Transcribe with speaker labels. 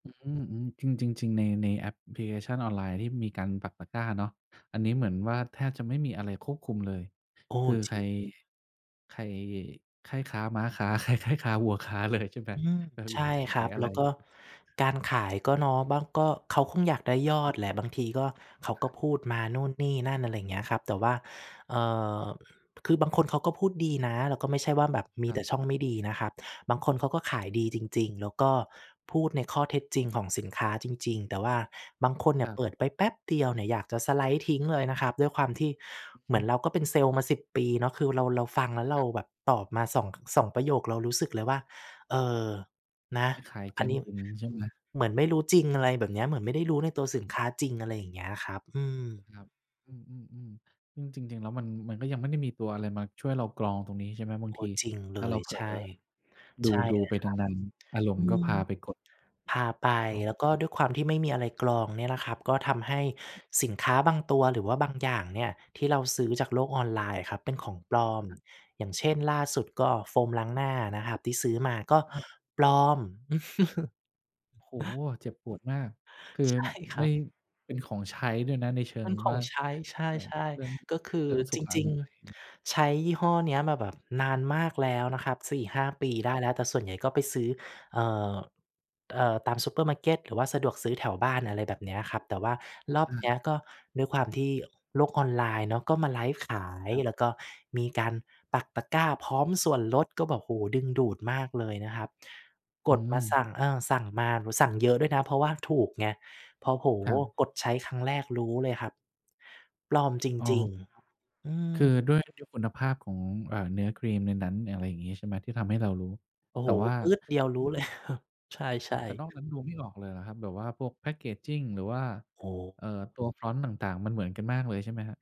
Speaker 1: อืม ๆ จริง ๆ ๆ ใน ในแอปพลิเคชันออนไลน์ที่มีการปักตะกร้าเนาะ อันนี้เหมือนว่าแทบจะไม่มีอะไรควบคุมเลย
Speaker 2: โอ้
Speaker 1: คือ
Speaker 2: จ
Speaker 1: ใ
Speaker 2: ร
Speaker 1: ค
Speaker 2: ิ
Speaker 1: ร
Speaker 2: ง
Speaker 1: ใครใคร่ค้าม้าค้า ใคร ใคร่ค้าวัวค้า เลยใช่ไหม
Speaker 2: อืม
Speaker 1: แบบ
Speaker 2: ใช
Speaker 1: อยาก
Speaker 2: ่
Speaker 1: จะข
Speaker 2: คร
Speaker 1: า
Speaker 2: ั
Speaker 1: ย
Speaker 2: บ
Speaker 1: อะ
Speaker 2: แ
Speaker 1: ไ
Speaker 2: ล
Speaker 1: ร
Speaker 2: ้วก็การขายก็เนาะ บ้างก็ เขาคงอยากได้ยอดแหละบางทีก็ เขา
Speaker 1: ค
Speaker 2: ก็
Speaker 1: รับ
Speaker 2: พูดมานู่นนี่นั่น อะไรเงี้ยครับ แต่ว่า เอ่อ คือบางคนเขาก็พูดดีนะ แล้วก็ไม่ใช่ว่าแบบมี
Speaker 1: คร
Speaker 2: แ
Speaker 1: ั
Speaker 2: ต่
Speaker 1: บ
Speaker 2: ช่องไม่ดีนะครับ บางคนเขาก็ขายดีจริง ๆ แล้วก็พูดในข้อเท็จจริงของสินค้าจริง ๆ แต่ว่าบางคนเนี
Speaker 1: ค
Speaker 2: ่ย
Speaker 1: รั
Speaker 2: เ
Speaker 1: บ
Speaker 2: ปิดไปแป๊บเดียวเนี่ยอยากจะสไลด์ทิ้งเลยนะครับ ด้วยความที่เห
Speaker 1: อ
Speaker 2: มื
Speaker 1: ื
Speaker 2: อน
Speaker 1: ม
Speaker 2: เราก็เป็นเซลล์มา 10 ปีเนาะ คือเรา เราฟังแล้วเร
Speaker 1: ค
Speaker 2: า
Speaker 1: รับ
Speaker 2: แบบตอบมา 2- 2 ประโยคเรารู้สึกเลยว่า เออ น
Speaker 1: อั
Speaker 2: ะ
Speaker 1: นนี้ขาย
Speaker 2: อ
Speaker 1: จ
Speaker 2: ัน
Speaker 1: น
Speaker 2: นี้
Speaker 1: อึ๋ม ใช่ไหม?
Speaker 2: เหมือนไม่รู้จริง อะไรแบบเนี้ย เหมือนไม่ได้รู้ในตัวสินค้าจริง อะไรอย่างเงี้ยครับ อืม
Speaker 1: ครับ อืม ๆ ๆ ซึ่งจริง ๆ แล้วมัน มันก็ยังไม่ได้มีตัวอะไรมาช่วยเรากรองตรงนี้ ใช่ไหม? บาง
Speaker 2: โอ
Speaker 1: ท
Speaker 2: ้
Speaker 1: ี
Speaker 2: จริงเ
Speaker 1: ถ
Speaker 2: ล
Speaker 1: ้าเร
Speaker 2: ย
Speaker 1: าเผล
Speaker 2: ใช
Speaker 1: อ
Speaker 2: ่ ใช่
Speaker 1: ดู
Speaker 2: เล
Speaker 1: ๆ
Speaker 2: ย
Speaker 1: ไป
Speaker 2: คร
Speaker 1: นาน ๆ อ
Speaker 2: ั
Speaker 1: า
Speaker 2: บ
Speaker 1: รม
Speaker 2: อ
Speaker 1: ณ
Speaker 2: ื
Speaker 1: ์ก็พ
Speaker 2: ม
Speaker 1: าไปกด
Speaker 2: พาไป
Speaker 1: อ๋
Speaker 2: แล้วก็
Speaker 1: อ
Speaker 2: ด้วยความที่ไม่มีอะไรกรองเนี่ยนะครับ ก็ทำให้สินค้าบางตัวหรือว่าบางอย่างเนี่ยที่เราซื้อจากโลกออนไลน์อะครับ เป็นของปลอม อย่างเช่น ล่าสุด ก็โฟมล้างหน้านะครับที่ซื้อมาก็
Speaker 1: อ้าว
Speaker 2: ปลอม
Speaker 1: โอ้โฮ เจ็บปวดมาก คือ
Speaker 2: ใช่ คร
Speaker 1: ไ
Speaker 2: ั
Speaker 1: ม่
Speaker 2: บ
Speaker 1: เป็นของใช้ด้วยนะในเชิ
Speaker 2: มั
Speaker 1: ง
Speaker 2: นข
Speaker 1: ว
Speaker 2: อ
Speaker 1: ่
Speaker 2: ง
Speaker 1: า
Speaker 2: ใช้ ใ
Speaker 1: เออ
Speaker 2: ช่
Speaker 1: เรื่อง
Speaker 2: ๆ ก็คือ
Speaker 1: เรื่องสุ
Speaker 2: จ
Speaker 1: ขอ
Speaker 2: ริง
Speaker 1: นามัย
Speaker 2: ๆ ใช้ยี่ห้อเนี้ยมาแบบนานมากแล้วนะครับ 4-5 ปีได
Speaker 1: ค
Speaker 2: ้
Speaker 1: รับ
Speaker 2: แล้วแต่ส่วนใหญ่ก็ไปซื้อ เอ่อ เอ่อ ตามซูเปอร์มาร์เก็ต หรือว่าสะดวกซื้อแถวบ้าน อะไรแบบเนี้ยครับ แต่ว่ารอบ
Speaker 1: อือ
Speaker 2: เนี้ย ก็ด้วยความที่โลกออนไลน์เนาะ ก็มาไลฟ์ขาย
Speaker 1: ครับ
Speaker 2: แล้วก็มีการปักตะกร้าพร้อมส่วนลด ก็บอก โอ้โฮ ดึงดูดม
Speaker 1: ครับ
Speaker 2: ากเลยนะครับ ก
Speaker 1: อื
Speaker 2: ดมาส
Speaker 1: ม
Speaker 2: ั่ง เออ สั่งมาสั่งเยอะด้วยนะเพราะว่าถูกไง พอ โอ้โฮ
Speaker 1: ครับ
Speaker 2: กดใช้ครั้งแรกรู้เลยครับ ปลอมจ
Speaker 1: อ๋อ
Speaker 2: ริง ๆ อื
Speaker 1: คือ
Speaker 2: ม
Speaker 1: ด้วย ด้วยคุณภาพของ เอ่อ เนื้อครีมในนั้น อะไรอย่างงี้ใช่ไหม ที่ทำให้เรารู้
Speaker 2: โอ้
Speaker 1: แต
Speaker 2: โฮ
Speaker 1: ่ว่า
Speaker 2: ปื๊ดเดียวรู้เลย ใ
Speaker 1: อ๋อ
Speaker 2: ช่
Speaker 1: แต่
Speaker 2: ๆ
Speaker 1: นอกนั้นดูไม่ออกเลยเหรอครับ แบบว่าพวกแพ็กเกจจิงหรือว่า
Speaker 2: โอ้
Speaker 1: เอ่อ ตัวฟอนต์ต่าง ๆ มันเหมือนกันมากเลยใช่ไหมครับ?